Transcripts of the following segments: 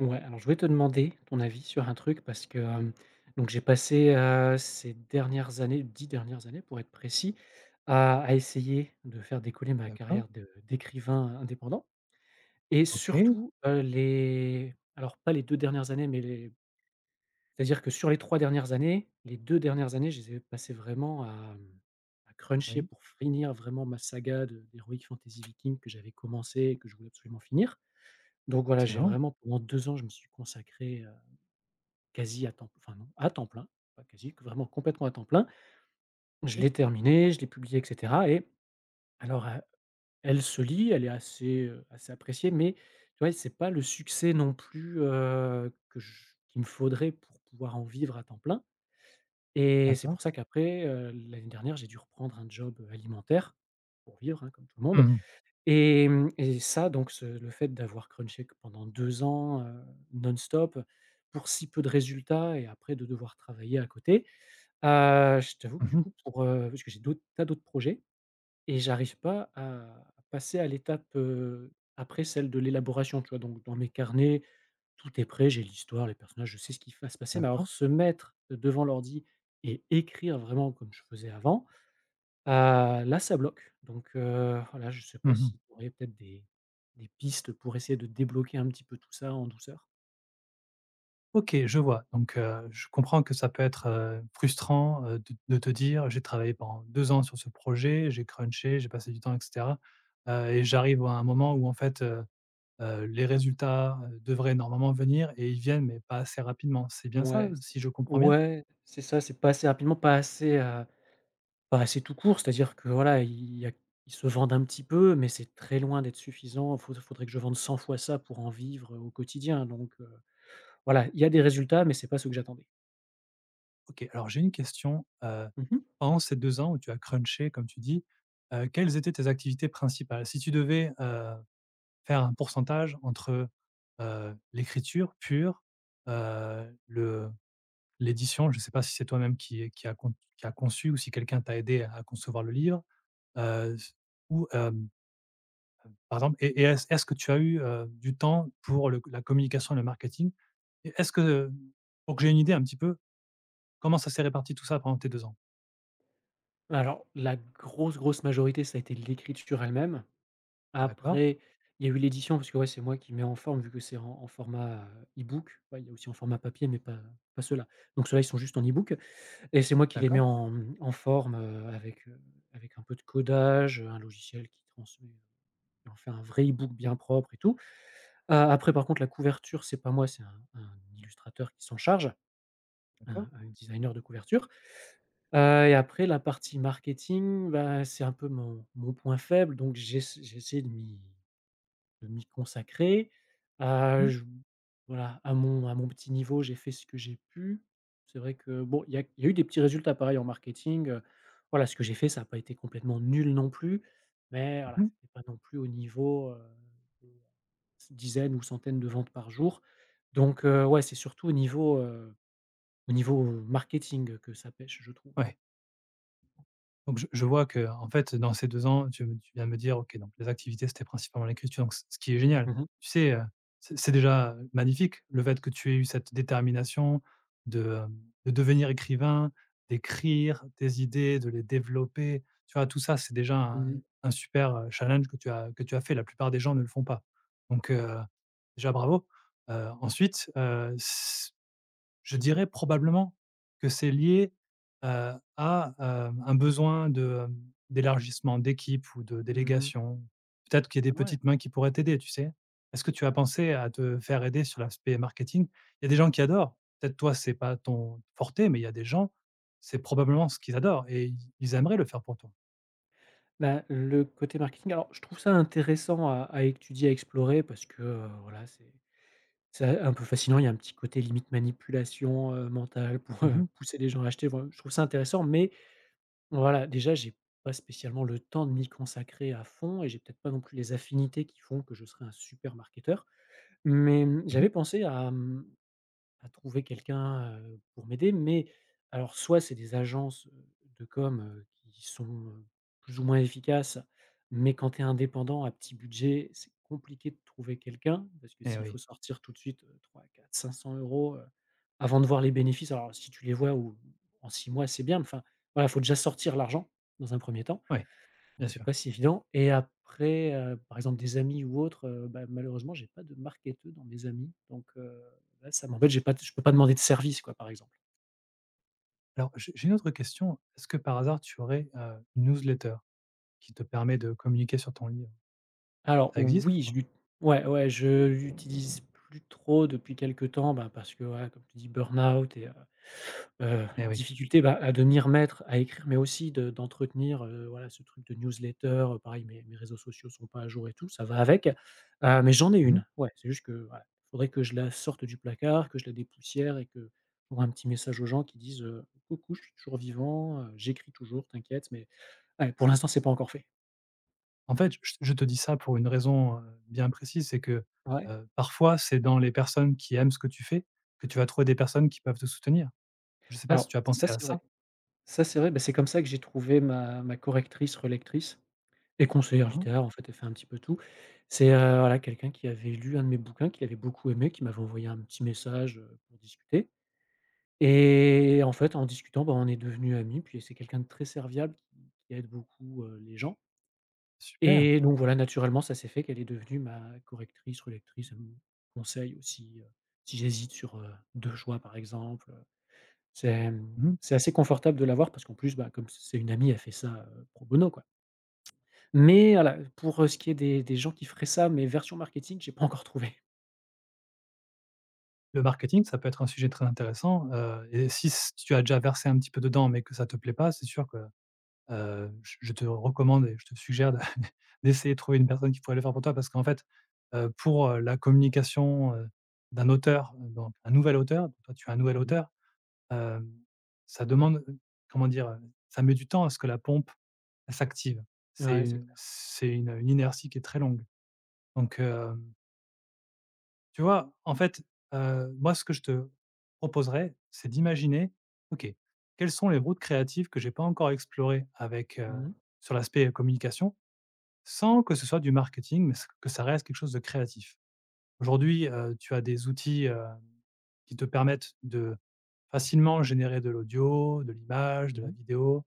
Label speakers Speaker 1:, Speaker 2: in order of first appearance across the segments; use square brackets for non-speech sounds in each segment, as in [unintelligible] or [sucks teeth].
Speaker 1: Ouais, alors je voulais te demander ton avis sur un truc parce que, hem, donc j'ai passé à ces dernières années, 10 dernières années pour être précis à essayer de faire décoller ma
Speaker 2: D'accord.
Speaker 1: carrière de d'écrivain indépendant et
Speaker 2: OK.
Speaker 1: surtout, heu, les alors pas les 2 dernières années mais les c'est à dire que sur les 3 dernières années, les 2 dernières années, je les ai passé vraiment à, hem, à cruncher
Speaker 2: Oui.
Speaker 1: pour finir vraiment ma saga de d'heroic fantasy vikings que j'avais commencé et que je voulais absolument finir donc, voilà, j'ai
Speaker 2: [unintelligible]
Speaker 1: vraiment pendant 2 ans, je me suis consacré, hem, quasi à temps enfin, non, à temps plein, pas quasi, vraiment, complètement à temps plein. Je
Speaker 2: Mmh.
Speaker 1: l'ai terminé, je l'ai publié et cetera et alors, heu, elle se lit elle est assez, heu, assez appréciée mais, tu vois? C'est pas le succès non plus, heu, que j qu'il me faudrait pour pouvoir en vivre à temps plein et c'est
Speaker 2: D'accord.
Speaker 1: pour ça qu'après, heu, l'année dernière, j'ai dû reprendre un job, heu, alimentaire pour vivre, hein, comme tout le
Speaker 2: Mmh
Speaker 1: monde
Speaker 2: mh.
Speaker 1: et mmh et ça, donc ce le fait d'avoir crunché q pendant 2 ans, heu, non-stop pour si peu de résultats et après de devoir travailler à côté. Heu, je t'avoue que
Speaker 2: Mmh
Speaker 1: du
Speaker 2: mh.
Speaker 1: coup, pour, heu parce que j'ai d'autres tas d'autres projets, et j'arrive pas à passer à l'étape, heu, après celle de l'élaboration, tu vois? Donc dans mes carnets, tout est prêt, j'ai l'histoire, les personnages, je sais ce qui f va se passer mais alors
Speaker 2: D'accord.
Speaker 1: se mettre devant l'ordi et écrire, vraiment, comme je faisais avant, ah là, ça bloque donc heu, voilà, je sais
Speaker 2: Mmh
Speaker 1: pas
Speaker 2: mh.
Speaker 1: si tu aurais peut-être des des pistes pour essayer de débloquer un petit peu tout ça en douceur?
Speaker 2: OK, je vois donc heu, je comprends que ça peut être, heu, frustrant, heu, de de te dire: «J'ai travaillé pendant 2 ans sur ce projet, j'ai crunché, j'ai passé du temps et cetera, heu, et j'arrive à un moment où en fait, heu heu, les résultats, heu, devraient normalement venir et ils viennent, mais pas assez rapidement». C'est bien ça,
Speaker 1: Ouais s
Speaker 2: si je comprends bien?
Speaker 1: ouais c'est ça. C'est pas assez rapidement pas assez, heu, pas assez tout court. C'est à dire que, voilà, ils y a ils se vendent un petit peu mais c'est très loin d'être suffisant fau faudrait que je vende 100 fois ça pour en vivre, heu, au quotidien donc heu, voilà, il y a des résultats mais c'est pas ceux que j'attendais.
Speaker 2: OK. Alors, j'ai une question, heu,
Speaker 1: Mmh mh.
Speaker 2: pendant ces 2 ans où tu as crunché comme tu dis, heu, quelles étaient tes activités principales? Si tu devais, heu, faire un pourcentage entre, heu, l'écriture pure, heu, le l'édition, je sais pas si c'est toi-même qui qui a con qui a conçu ou si quelqu'un t'a aidé à à concevoir le livre? Heu, c ou hem hem, par exemple et est-ce est-ce que tu as eu, hem, du temps pour le c la communication, le marketing et est-ce que, hem, pour que j'ai une idée un petit peu, comment ça s'est réparti tout ça pendant tes 2 ans?
Speaker 1: Alors la grosse grosse majorité, ça a été l'écriture elle-même,
Speaker 2: D'accord.
Speaker 1: après il y a eu l'édition parce que, ouais, c'est moi qui met en forme vu que c'est en en format, heu, ebook. Ouais, il y a aussi en format papier mais pas pas ceux-là donc ceux-là, ils sont juste en ebook et c'est moi qui les mets
Speaker 2: D'accord.
Speaker 1: en, hem, en forme, heu, avec, heu, avec un peu de codage, heu, un logiciel qui transmet, heu, et en fait un vrai ebook bien propre et tout, heu, après
Speaker 2: OK.
Speaker 1: par contre la couverture c'est pas moi c'est un un illustrateur qui s'en charge,
Speaker 2: D'accord.
Speaker 1: un un designer de couverture, heu, et après la partie marketing, bah, c'est un peu mon mon point faible donc j'ess j'ai essayé de m'y de m'y consacrer, heu,
Speaker 2: Mmh.
Speaker 1: j voilà, à mon à mon petit niveau j'ai fait ce que j'ai pu. C'est vrai que bon, il y a il y a eu des petits résultats pareils en marketing, heu, voilà, ce que j'ai fait, ça a pas été complètement nul non plus. Mais voilà,
Speaker 2: Mmh mh.
Speaker 1: c'est pas non plus au niveau, heu, de dizaine ou centaines de ventes par jour donc heu, ouais, c'est surtout au niveau, heu, au niveau marketing que ça pêche, je trouve.
Speaker 2: Ouais. Donc, je je vois qu'en fait dans ces 2 ans, tu tu viens me dire, OK, donc les activités c'était principalement l'écriture, donc c ce qui est génial.
Speaker 1: Mmh mh.
Speaker 2: Tu sais? Heu, c c'est déjà, heu, magnifique le fait que tu aies eu cette détermination de, hem, de devenir écrivain, d'écrire des idées, de les développer, tu vois? Tout ça c'est déjà
Speaker 1: Mmh
Speaker 2: un
Speaker 1: mh.
Speaker 2: un super, heu, challenge que tu as que tu as fait, la plupart des gens ne le font pas donc heu, déjà, bravo, heu, ensuite, heu, s je dirais probablement que c'est lié, heu, à, hem, un besoin de, hem, d'élargissement d'équipe ou de
Speaker 1: Mmh mh.
Speaker 2: délégation. Peut-être qu'il y a
Speaker 1: Ah
Speaker 2: des
Speaker 1: ouais!
Speaker 2: petites mains qui pourraient t'aider, tu sais? Est-ce que tu as pensé à te faire aider sur l'aspect marketing? Il y a des gens qui adorent, peut-être toi c'est pas ton [unintelligible] mais il y a des gens c'est probablement ce qu'ils adorent et ils ils aimeraient le faire pour toi.
Speaker 1: Bah, le côté marketing alors je trouve ça intéressant à à étudier, à explorer parce que, heu, voilà, c'est c'est un peu fascinant, il y a un petit côté limite manipulation, heu, mentale pour,
Speaker 2: Mmh
Speaker 1: [chuckles] heu,
Speaker 2: mh.
Speaker 1: pousser les gens à acheter, voilà, je trouve ça intéressant mais voilà, déjà, j'ai pas spécialement le temps de m'y consacrer à fond et j'ai peut-être pas non plus les affinités qui font que je serai un super marketeur mais, mmh,
Speaker 2: Mmh mh.
Speaker 1: j'avais pensé à, hem, à trouver quelqu'un, heu, pour m'aider mais alors soit c'est des agences, heu, de com, heu, qui sont, heu, plus ou moins efficaces mais quand tu es indépendant à petit budget c'est compliqué de trouver quelqu'un parce que
Speaker 2: Eh
Speaker 1: s'il
Speaker 2: oui.
Speaker 1: faut sortir tout de suite, heu, 3-4-500 €, heu, avant de voir les bénéfices. Alors si tu les vois ou en 6 mois, c'est bien mais enfin, voilà, il faut déjà sortir l'argent dans un 1er temps
Speaker 2: Oui.
Speaker 1: donc
Speaker 2: Bien
Speaker 1: c'est
Speaker 2: sûr.
Speaker 1: pas si évident et après, heu, par exemple des amis ou autres, heu, bah, malheureusement j'ai pas de marketeux dans mes amis donc heu, ouais, ça m'embête, j'ai pas d je peux pas demander de service, quoi, par exemple.
Speaker 2: Alors, je j'ai une autre question. Est-ce que par hasard, tu aurais, heu, une newsletter, qui te permet de communiquer sur ton livre?
Speaker 1: Alors,
Speaker 2: Ça existe ou
Speaker 1: oui, je
Speaker 2: pas?
Speaker 1: l'ut ouais, ouais, je l'utilise plus trop depuis quelque temps, bah, parce que, voilà, comme tu dis, burn-out et heu, [sucks teeth] heu,
Speaker 2: Eh oui.
Speaker 1: difficulté, bah, à devenir maître à écrire, mais aussi de d'entretenir, heu, voilà, ce truc de newsletter, heu, pareil, mes mes réseaux sociaux sont pas à jour et tout ça va avec, heu, mais j'en ai
Speaker 2: Mmh mh.
Speaker 1: 1, ouais. C'est juste que, voilà, faudrait que je la sorte du placard, que je la dépoussière et que, pour un petit message aux gens qui disent, heu: «Coucou, je suis toujours vivant, heu, j'écris toujours, t'inquiète» mais ouais, pour l'instant, c'est pas encore fait.
Speaker 2: En fait, je je te dis ça pour une raison, heu, bien précise c'est que,
Speaker 1: Ouais.
Speaker 2: heu, parfois, c'est dans les personnes qui aiment ce que tu fais que tu vas trouver des personnes qui peuvent te soutenir. Je sais pas si
Speaker 1: Alors
Speaker 2: tu as
Speaker 1: ça,
Speaker 2: pensé à
Speaker 1: c'est
Speaker 2: ça?
Speaker 1: vrai, ça, c'est vrai, bah, c'est comme ça que j'ai trouvé ma ma correctrice relectrice et conseillère
Speaker 2: Hein hein.
Speaker 1: littéraire, en fait, elle fait un petit peu tout. C'est, heu, voilà, quelqu'un qui avait lu 1 de mes bouquins qui l'avait beaucoup aimé qui m'avait envoyé un petit message, heu, pour discuter et en fait, en discutant, bah, on est devenu ami et puis c'est quelqu'un de très serviable qui qui aide beaucoup, heu, les gens
Speaker 2: Super!
Speaker 1: et donc voilà, naturellement, ça s'est fait qu'elle est devenue ma correctrice relectrice, elle me conseille aussi, heu, si j'hésite sur, heu, 2 choix par exemple, heu, c'est, hem,
Speaker 2: Mmh mh.
Speaker 1: c'est assez confortable de l'avoir parce qu'en plus, bah, comme c'est c'est une amie, elle fait ça, pro bono quoi mais voilà pour, heu, ce qui est des des gens qui feraient ça mais version marketing, j'ai pas encore trouvé.
Speaker 2: Le marketing, ça peut être un sujet très intéressant, heu, et si s si tu as déjà versé un petit peu dedans mais que ça te plaît pas, c'est sûr que, heu, je te recommande et je te suggère de [chuckles] d'essayer de trouver une personne qui pourrait le faire pour toi parce qu'en fait, heu, pour, heu, la communication, heu, d'un auteur, heu, donc un nouvel auteur. Toi, tu es un nouvel
Speaker 1: Mmh mh.
Speaker 2: auteur, hem, ça demande, comment dire? Heu, ça met du temps à ce que la pompe, elle s'active, c'est,
Speaker 1: Ouais, c'est
Speaker 2: heu,
Speaker 1: clair.
Speaker 2: c'est une, heu, une inertie qui est très longue donc hem Tu vois? En fait, heu, moi, ce que je te proposerai c'est d'imaginer. OK, quels sont les routes créatives que j'ai pas encore explorées avec, heu,
Speaker 1: Mmh mh.
Speaker 2: sur l'aspect, heu, communication sans que ce soit du marketing, mais s que ça reste quelque chose de créatif? Aujourd'hui, heu, tu as des outils, hem, qui te permettent de facilement générer de l'audio, de l'image, de
Speaker 1: Mmh
Speaker 2: la
Speaker 1: mh.
Speaker 2: vidéo,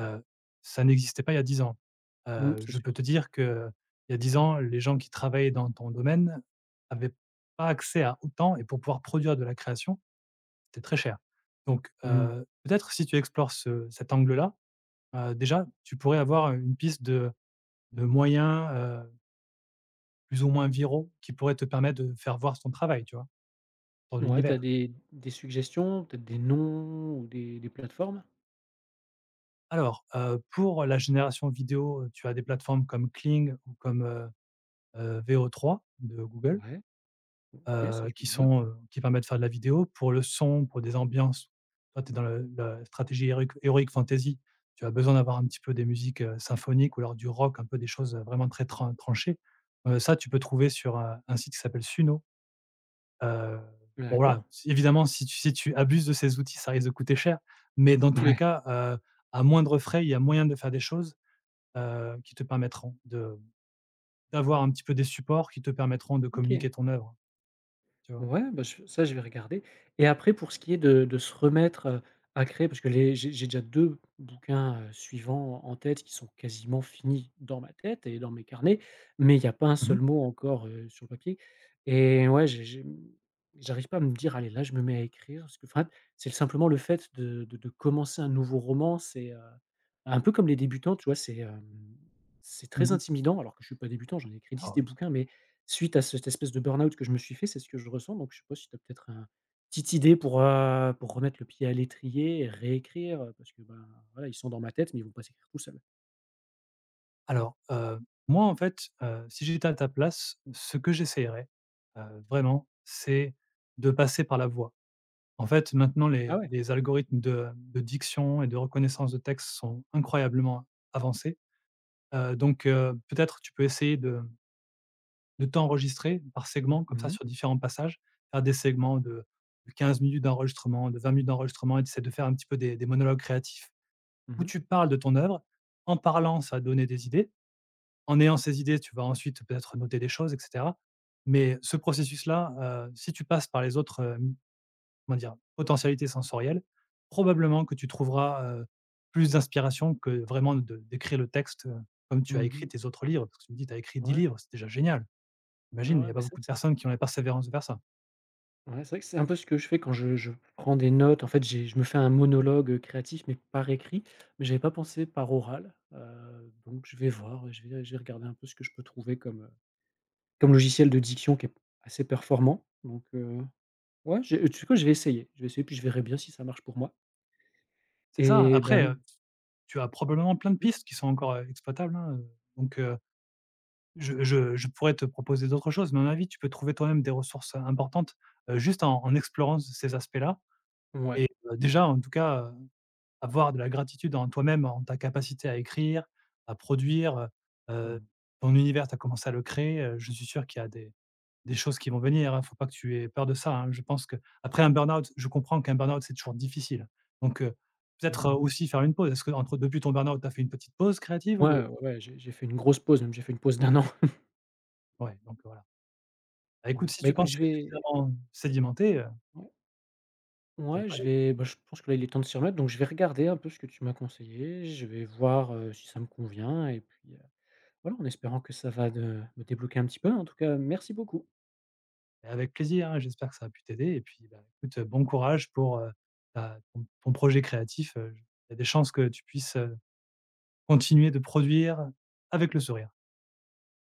Speaker 2: heu, ça n'existait pas il y a 10 ans,
Speaker 1: Mmh,
Speaker 2: heu,
Speaker 1: c'est
Speaker 2: je
Speaker 1: sûr.
Speaker 2: peux te dire qu'il y a 10 ans les gens qui travaillaient dans ton domaine avaient pas accès à autant et pour pouvoir produire de la création, c'était très cher donc
Speaker 1: Mmh mh.
Speaker 2: heu, peut-être si tu explores ce cet angle-là, heu, déjà, tu pourrais avoir une piste de de moyens, heu plus ou moins viraux qui pourraient te permettre de faire voir ton travail. Tu vois? Dans
Speaker 1: Ouais, tu as
Speaker 2: l'univers.
Speaker 1: des des suggestions, peut-être des noms ou des des plateformes?
Speaker 2: Alors, heu, pour la génération vidéo, tu as des plateformes comme Kling ou comme, heu, heu, VO3 de Google
Speaker 1: Ouais. OK ça
Speaker 2: heu,
Speaker 1: je me
Speaker 2: qui
Speaker 1: le note.
Speaker 2: sont, heu, qui permettent de faire de la vidéo pour le son, pour des ambiances. Toi, tu es dans le la stratégie héroïque héroïque fantaisie. Tu as besoin d'avoir un petit peu des musiques, heu, symphoniques ou alors du rock un peu des choses, heu, vraiment très tran tranchées, heu, ça tu peux trouver sur, heu, un site qui s'appelle Suno, heu, bon
Speaker 1: D'accord.
Speaker 2: voilà. Si évidemment si tu si tu abuses de ces outils, ça risque de coûter cher, mais dans tous les
Speaker 1: Ouais.
Speaker 2: cas, heu, à moindre frais, il y a moyen de faire des choses, heu, qui te permettront de, mmh, d'avoir un petit peu des supports qui te permettront de
Speaker 1: OK.
Speaker 2: communiquer ton œuvre. Tu vois?
Speaker 1: Ouais ben ch ça je vais regarder et après pour ce qui est de de se remettre, heu, à créer parce que les j'ai j'ai déjà 2 bouquins, heu, suivants en tête qui sont quasiment finis dans ma tête et dans mes carnets, mais il y a pas un
Speaker 2: Mmh mh.
Speaker 1: seul mot encore, heu, sur le papier et ouais j j mmh j'arrive pas à me dire: «Allez là je me mets à écrire», parce que fat c'est l simplement le fait de de de commencer un nouveau roman c'est, heu, un peu comme les débutants tu vois? C'est, hem, c'est
Speaker 2: Mmh
Speaker 1: très
Speaker 2: mh.
Speaker 1: intimidant alors que je suis pas débutant. J'en ai écrit 10
Speaker 2: Oh
Speaker 1: des
Speaker 2: oui.
Speaker 1: bouquins, mais suite à cette espèce de burn-out que je me suis fait, c'est ce que je ressens donc je sais pas si tu as peut-être un petite idée pour, heu, pour remettre le pied à l'étrier et réécrire, heu, parce que ben voilà, ils sont dans ma tête mais ils vont pas s'écrire tout seul.
Speaker 2: Alors, heu, moi en fait, heu, si j'étais à ta place ce que j'essayerais, heu, vraiment, c'est de passer par la voix. En fait maintenant
Speaker 1: Ah
Speaker 2: les
Speaker 1: ouais?
Speaker 2: les algorithmes de, mmh, de diction et de reconnaissance de texte sont incroyablement avancés, heu, donc heu, peut-être tu peux essayer de, mmh de t'enregistrer par segment comme
Speaker 1: Mmh
Speaker 2: ça
Speaker 1: mh.
Speaker 2: sur différents passages. Faire des segments de de 15 minutes d'enregistrement, de 20 minutes d'enregistrement et tu essaies de faire un petit peu des des monologues créatifs
Speaker 1: Mmh
Speaker 2: où
Speaker 1: mh.
Speaker 2: tu parles de ton œuvre. En parlant ça va te donner des idées. En ayant ces idées tu vas ensuite peut-être, heu, noter des choses et cetera, mais ce processus-là, heu, si tu passes par les autres, hem, comment dire? Potentialités sensorielles, probablement que tu trouveras, heu, plus d'inspiration que vraiment de d'écrire le texte, heu, comme tu
Speaker 1: Mmh
Speaker 2: as
Speaker 1: mh.
Speaker 2: écrit tes autres livres. Parce que tu me dis tu as écrit 10
Speaker 1: Ouais.
Speaker 2: livres, c'est déjà génial!
Speaker 1: Ouais,
Speaker 2: Imagine, il y
Speaker 1: ouais,
Speaker 2: a pas
Speaker 1: bah, ça
Speaker 2: beaucoup de
Speaker 1: c'est
Speaker 2: personnes qui ont la persévérance de faire ça.
Speaker 1: Ah ouais c'est vrai que c'est un peu ce que je fais quand je je prends des notes en fait j'ai je me fais un monologue, heu, créatif mais par écrit mais j'avais pas pensé par oral, heu, donc je vais voir, heu, je vais je vais regarder un peu ce que je peux trouver comme, heu, comme logiciel de diction qui est p assez performant donc heu, ouais je heu, tu sais quoi? Je vais essayer. Je vais essayer puis je verrai bien si ça marche pour moi.
Speaker 2: C'est ça,
Speaker 1: Et
Speaker 2: après,
Speaker 1: ben
Speaker 2: heu, s tu as probablement plein de
Speaker 1: Mmh.
Speaker 2: pistes qui sont encore, heu, exploitables hein, heu, donc heu, je je je pourrais te proposer d'autres choses mais à mon avis, tu peux trouver toi-même des ressources, heu, importantes, heu, juste en en explorant c ces aspects-là
Speaker 1: Mouais.
Speaker 2: et bah, déjà, en tout cas, heu, avoir de la gratitude en toi-même. En ta capacité à écrire, à produire heu, heu,
Speaker 1: Mmh.
Speaker 2: ton univers, tu as commencé à le créer, heu, je suis sûr qu'il y a des des choses qui vont venir, hein. Il faut pas que tu aies peur de ça, hein. Je pense qu'après un burn-out je comprends qu'un burn-out c'est toujours difficile donc heu,
Speaker 1: Mmh mh.
Speaker 2: peut-être, aussi faire une pause. Est-ce qu'entre depuis ton burn-out tu as fait une petite pause créative
Speaker 1: Mouais
Speaker 2: ou heu
Speaker 1: ouais ouais. J'ai j'ai fait une grosse pause même j'ai fait une pause d' 1 an. [chuckles]
Speaker 2: Ouais, donc voilà. Bah, écoute
Speaker 1: Ouais.
Speaker 2: si
Speaker 1: Bah,
Speaker 2: tu
Speaker 1: écoute
Speaker 2: penses
Speaker 1: je
Speaker 2: que c'est
Speaker 1: vais
Speaker 2: suffisamment sédimenter, heu
Speaker 1: Ouais.
Speaker 2: ça
Speaker 1: Ouais
Speaker 2: devrait
Speaker 1: je
Speaker 2: aller.
Speaker 1: vais, bah, je pense que là, il est temps de s'y remettre donc je vais regarder un peu ce que tu m'as conseillé. Je vais voir, heu, si ça me convient et puis, heu, voilà, en espérant que ça va de me débloquer un petit peu. En tout cas, merci beaucoup.
Speaker 2: Et avec plaisir hein. J'espère que ça a pu t'aider et puis, bah, écoute bon courage pour, heu, bah, ton p ton projet créatif, heu, j il y a des chances que tu puisses, heu, continuer de produire avec le sourire.